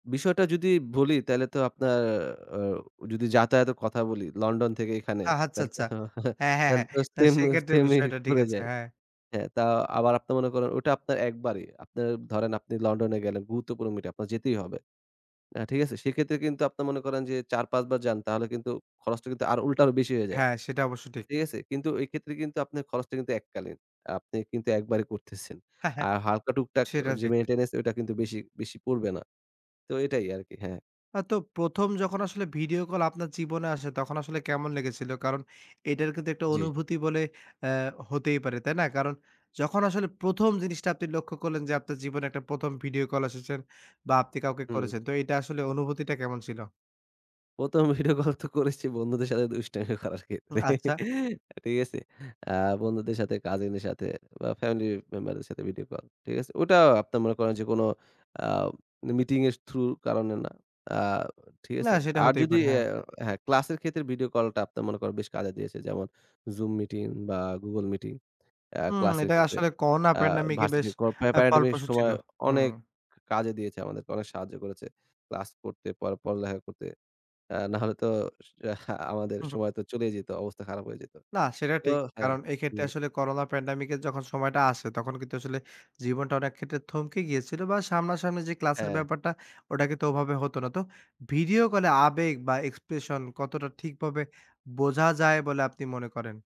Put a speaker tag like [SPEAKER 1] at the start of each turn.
[SPEAKER 1] বিষয়টা যদি বলি, তাহলে তো আপনার অ যদি যাতায়াতের কথা বলি, লন্ডন থেকে এখানে,
[SPEAKER 2] আ হাচ্ছা
[SPEAKER 1] তাহলে তো
[SPEAKER 2] আচ্ছা।
[SPEAKER 1] অ
[SPEAKER 2] হ্যাঁ, হ্যাঁ, হ্যাঁ।
[SPEAKER 1] তাহলে তো,
[SPEAKER 2] না,
[SPEAKER 1] সেইম,
[SPEAKER 2] সেক্ষেত্রে
[SPEAKER 1] সেইম ই
[SPEAKER 2] বিষয়টা ঠিক
[SPEAKER 1] পড়ে
[SPEAKER 2] আছে,
[SPEAKER 1] যায়।
[SPEAKER 2] হ্যাঁ।
[SPEAKER 1] হ্যাঁ, তা আবার আপনার মনে করেন, ওটা আপনার একবারই। আপনার ধরেন, আপনি লন্ডনে গেলেন, গুরুত্বপূর্ণ মিট আপ, আপনার যেতেই হবে। আ ঠিক আছে? সেক্ষেত্রে কিন্তু আপনার মনে করেন যে, ৪, ৫ বার যান, তাহলে কিন্তু খরচটা কিন্তু আর উল্টা আরো বেশি হয়ে যায়।
[SPEAKER 2] হ্যাঁ, সেটা অবশ্য ঠিক।
[SPEAKER 1] ঠিক আছে? কিন্তু এইক্ষেত্রে কিন্তু আপনার খরচটা কিন্তু এককালীন। আ আপনি কিন্তু একবারে করতেছেন।
[SPEAKER 2] হ্যাঁ, হ্যাঁ।
[SPEAKER 1] আর হালকা টুকটাক আ
[SPEAKER 2] সেটা
[SPEAKER 1] যে
[SPEAKER 2] ঠিক।
[SPEAKER 1] মেইনটেন্যান্স, ওটা কিন্তু বেশি বেশি পড়বে না। তো, এটাই আরকি। হ্যাঁ।
[SPEAKER 2] অ তো, ১ম যখন আসলে ভিডিও কল আপনার জীবনে আসে, তখন আসলে কেমন লেগেছিল? কারণ, এটার কিন্তু একটা
[SPEAKER 1] জ্বী।
[SPEAKER 2] অনুভূতি বলে অ্যা হতেই পারে, তাই না? কারণ যখন আসলে ১ম জিনিসটা আপনি লক্ষ্য করলেন যে, আপনার জীবনে একটা ১ম ভিডিও কল এসেছে বা, আপনি কাউকে
[SPEAKER 1] হুম।
[SPEAKER 2] করেছেন। তো, এটা আসলে, অনুভূতিটা কেমন ছিল?
[SPEAKER 1] ১ম ভিডিও কল তো করেছি, বন্ধুদের সাথে দুষ্টামি করার
[SPEAKER 2] উ
[SPEAKER 1] ক্ষেত্রে।
[SPEAKER 2] আচ্ছা।
[SPEAKER 1] ঠিক আছে? আ বন্ধুদের সাথে, কাজিনের সাথে, বা ফ্যামিলি মেম্বারদের সাথে ভিডিও কল। ঠিক আছে? ওটা আপনার মনে করেন যে কোন আপ মিটিংয়ের থ্রুর কারণে না। আ ঠিক
[SPEAKER 2] না,
[SPEAKER 1] আছে?
[SPEAKER 2] সেটা
[SPEAKER 1] আর
[SPEAKER 2] হতেই
[SPEAKER 1] যদি
[SPEAKER 2] পারে,
[SPEAKER 1] এ
[SPEAKER 2] হ্যাঁ।
[SPEAKER 1] হ্যা ক্লাসের ক্ষেত্রে ভিডিও কলটা, আপনার মনে করেন, বেশ কাজে দিয়েছে। যেমন: Zoom মিটিং বা, Google মিটিং আ
[SPEAKER 2] উম
[SPEAKER 1] ক্লাসের
[SPEAKER 2] এটা
[SPEAKER 1] ক্ষেত্রে,
[SPEAKER 2] আসলে করোনা
[SPEAKER 1] আ
[SPEAKER 2] প্যান্ডেমিকে বেশ
[SPEAKER 1] ভার্সিটির কো প্যা প্যা
[SPEAKER 2] আ
[SPEAKER 1] প্যান্ডেমিকের
[SPEAKER 2] ফলপ্রসু ছিল।
[SPEAKER 1] সময়
[SPEAKER 2] হুম।
[SPEAKER 1] অনেক কা কাজে দিয়েছে, আমাদেরকে অনেক সাহায্য করেছে। ক্লাস পড়তে, পড় পড়ালেখা করতে। নাহলে তো সা আমাদের
[SPEAKER 2] হু, হু।
[SPEAKER 1] সময় তো চলেই যেত, অবস্থা খারাপ হয়ে যেত।
[SPEAKER 2] না, সেটা
[SPEAKER 1] তো
[SPEAKER 2] ঠিক।
[SPEAKER 1] হ্যা,
[SPEAKER 2] কারণ এক্ষেত্রে
[SPEAKER 1] হুম।
[SPEAKER 2] আসলে করোনা প্যান্ডেমিকের যখন সময়টা আসে, তখন কিন্তু আসলে, জীবনটা অনেক ক্ষেত্রে থমকে গিয়েছিল, বা সামনাসামনি যে ক্লাসের
[SPEAKER 1] হ্যাঁ।
[SPEAKER 2] ব্যাপারটা, ওটা কিন্তু ওভাবে হতো না। তো, ভিডিও কলে আবেগ বা এক্সপ্রেশন, কতটা ঠিকভাবে বোঝা যায় বলে আপনি মনে করেন?